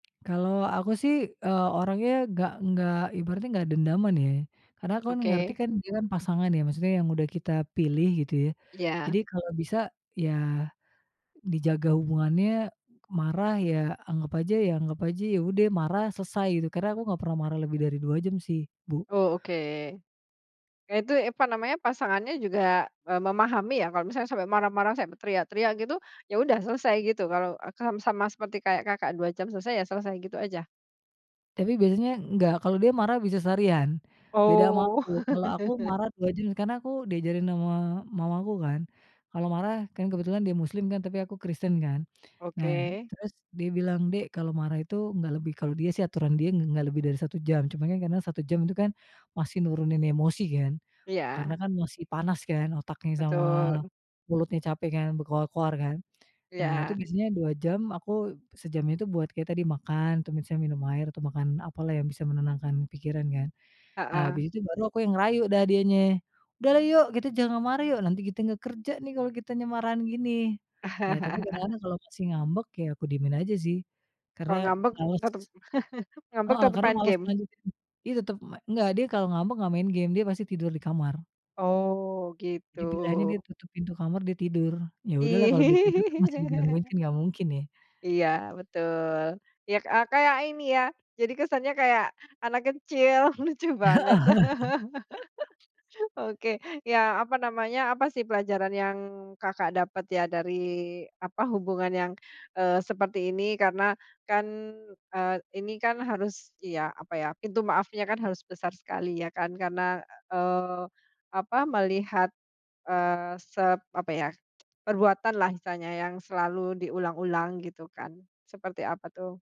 Kalau aku, sih, eee, orangnya nggak enggak, ibaratnya nggak dendaman, ye. Karena aku, kan, ngerti, Oke. kan, dia, kan, pasangan, ya. Maksudnya yang sudah kita pilih gitu, ya. Iya. Jadi kalau bisa, ya, dijaga hubungannya. Marah, ya, anggap aja ya anggap aja, ya, ude marah selesai gitu. Karena aku nggak pernah marah lebih dari 2 jam, sih, Bu. Oh, oke. Eee, itu apa namanya pasangannya juga, eee, memahami, ya, kalau misalnya sampai marah-marah, sampai teriak-teriak gitu, ya, udah selesai gitu, kalau, eee, kam sama seperti kayak Kakak 2 jam selesai, ya, selesai gitu aja? Tapi biasanya nggak, kalau dia marah bisa seharian, beda ama Oh. aku, kalau aku marah 2 jam karena aku diajarin ama mamaku, kan, kalau marah, kan, kebetulan dia muslim, kan, tapi aku kristen, kan. Nah, Oke. terus dia bilang, "Dek, kalau marah itu nggak lebih." kalau dia, sih, aturan dia ng nggak lebih dari 1 jam. Cuman, kan, karena 1 jam itu, kan, masih nurunin emosi, kan, Iya. karena, kan, masih panas, kan, otaknya sama Betul. mulutnya capek, kan, berkoar-koar, kan. Nah, itu Iya. biasanya 2 jam aku sejamnya itu buat kayak tadi makan, atau misalnya minum air atau makan apalah yang bisa menenangkan pikiran, kan. Nah, Heeh. habis itu baru aku yang ngerayu dah dienye, "Udahlah, yuk, kita jangan marah, yuk. Nanti kite nggak kerja, nih, kalau kitanya marahan gini." Ya, tapi kadang-kadang kalau masih ngambek, ya, aku diemin aja, sih, karena Kalau ngambek males tetep ngambek heeh, tetep karena main males game? ngelanjutin. Dia tetep me nggak, dia kalau ngambek nggak main game, dia pasti tidur di kamar. Oh, Jadi pilihannya dia gitu. tutup pintu kamar, dia tidur. Ya, udahlah kalau dia tidur tuh masih digangguin, kan, nggak mungkin ye. Iya, betul. Ya, k eee, kayak ini, ya. Jadi kesannya kayak anak kecil, lucu banget. Oke. Ya, apa namanya, apa, sih, pelajaran yang Kakak dapat, ya, dari apa hubungan yang, eee, seperti ini karena, kan, eee, ini, kan, harus, ya, apa, ya, pintu maafnya, kan, harus besar sekali, ya, kan, karena, eee, apa melihat, eee, sep apa, ya, perbuatanlah misalnya yang selalu diulang-ulang gitu, kan, seperti apa, tuh?